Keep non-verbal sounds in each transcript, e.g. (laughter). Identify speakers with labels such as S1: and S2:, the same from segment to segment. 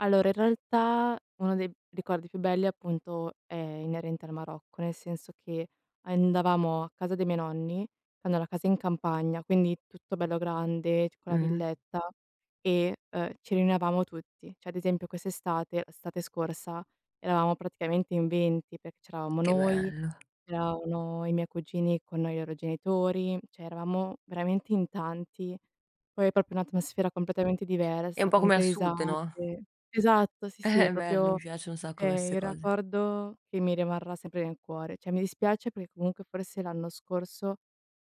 S1: Allora, in realtà uno dei ricordi più belli, appunto, è inerente al Marocco, nel senso che andavamo a casa dei miei nonni. Hanno la casa in campagna, quindi tutto bello grande, c con la
S2: Mh-mh.
S1: villetta, e, ehm, ci riunivamo tutti. Cioè, ad esempio, quest'estate, l'estate scorsa, eravamo praticamente in 20 perché c'eravamo
S2: Che
S1: noi,
S2: bello.
S1: c'erano i miei cugini con noi loro genitori, cioè, eravamo veramente in tanti. Poi è proprio un'atmosfera completamente
S2: È un
S1: diversa,
S2: po' come
S1: tante
S2: al sud, no?
S1: risate. Esatto, sì, sì, è
S2: Eh, bello, mi
S1: proprio,
S2: piacciono un sacco a me 'ste
S1: ehm, il
S2: cose.
S1: ricordo che mi rimarrà sempre nel cuore. Cioè, mi dispiace perché, comunque, forse, l'anno scorso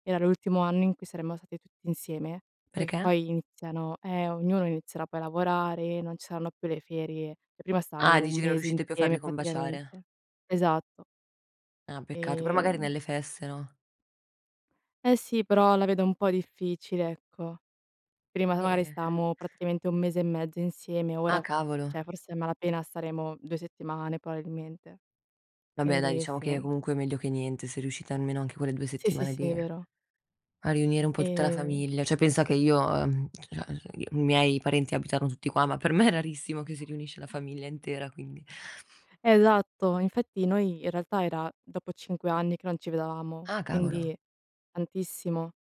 S1: era l'ultimo anno in cui saremmo stati tutti insieme, poi
S2: Perché?
S1: poi iniziano eh, ognuno inizierà poi a lavorare, non ci saranno più le ferie, e prima
S2: Ah,
S1: stavamo 1
S2: dici che non
S1: mese
S2: riuscite più a farle
S1: insieme,
S2: combaciare.
S1: praticamente. Esatto.
S2: Ah, peccato, però, magari,
S1: Ehm.
S2: nelle feste, no?
S1: Eh, sì, però la vedo un po' difficile, ecco. Prima, magari,
S2: E-e-e
S1: stavamo, praticamente, 1 mese e mezzo insieme,
S2: Ah,
S1: ora,
S2: cavolo!
S1: cioè, forse a malapena staremo 2 settimane, probabilmente.
S2: Vabbè, dai,
S1: Quindi,
S2: diciamo che,
S1: sì.
S2: comunque, è meglio che niente. Sei riuscita almeno, anche quelle 2
S1: Sì, sì,
S2: settimane,
S1: sì, è
S2: lì
S1: vero.
S2: a riunire un po' tutta la
S1: Ehm.
S2: famiglia. Cioè, pensa che io, ehm, cioè, (unintelligible) i miei parenti abitano tutti qua, ma per me è rarissimo che si riunisca la famiglia intera, quindi. (inhales)
S1: Esatto, infatti noi, in realtà, era dopo 5 anni che non ci vedevamo,
S2: Ah, cavolo!
S1: quindi tantissimo.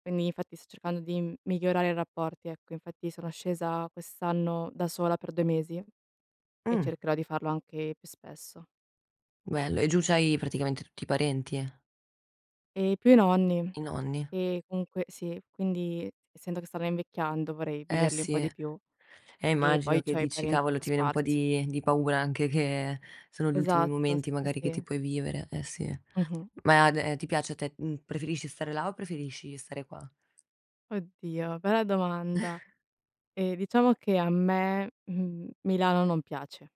S1: Quindi, infatti, sto cercando di migliorare i rapporti, ecco. Infatti sono scesa quest'anno da sola per 2 mesi e
S2: Mh.
S1: cercherò di farlo anche più spesso.
S2: Bello, e giù c'hai, praticamente, tutti i parenti?
S1: E più i nonni.
S2: I nonni.
S1: E comunque sì, quindi, essendo che stanno invecchiando, vorrei
S2: Eh,
S1: viverli un
S2: sì,
S1: po' di più
S2: e
S1: e
S2: immagino
S1: poi
S2: che
S1: c'ho i
S2: dici:
S1: parenti un
S2: "Cavolo!",
S1: po'
S2: ti viene un po'
S1: sparsi.
S2: di di paura anche che sono gli ultimi
S1: Esatto,
S2: momenti,
S1: sì, sì,
S2: magari, che ti
S1: sì.
S2: puoi vivere. Eh, sì.
S1: Mh-mh.
S2: Ma d ti piace a te, mhmm preferisci stare là o preferisci stare qua?
S1: Oddio, bella domanda.
S2: (exhales)
S1: Ehm, diciamo che a me, mhmm, Milano non piace.